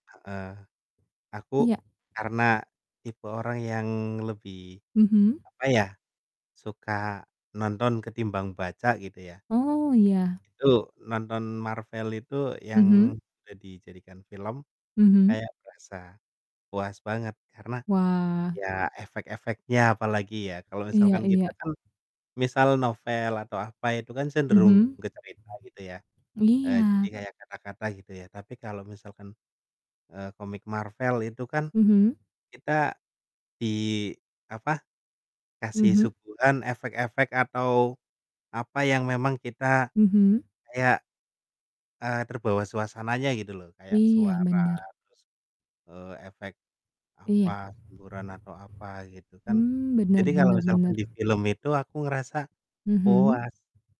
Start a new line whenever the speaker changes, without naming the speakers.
Heeh, aku
Iya.
karena tipe orang yang lebih,
Mhm.
apa ya, suka nonton ketimbang baca gitu ya
Oh, iya.
itu nonton Marvel itu
Mhm.
yang sudah dijadikan film,
Mhm.
kayak berasa puas banget karena
Wah.
ya efek-efeknya apalagi ya, kalau
Iya
misalkan kita
iya.
kan, misal novel atau apa, itu kan cenderung
Mhm?
bercerita gitu ya heeh, jadi
Iya.
kayak kata-kata gitu ya, tapi kalau misalkan, eee, komik Marvel itu kan
Mhm.
kita di, apa, kasih
Mhm?
suguhan efek-efek atau, apa yang memang kita
Mhm.
kayak, eee, terbawa suasananya gitu loh, kayak
Iya,
suara
bener.
terus, eee, efek
Iya.
apa, semburan atau apa, gitu kan,
Mmm, bener
jadi kalau
bener
misalkan
bener.
di film itu aku ngerasa
Mhm?
puas.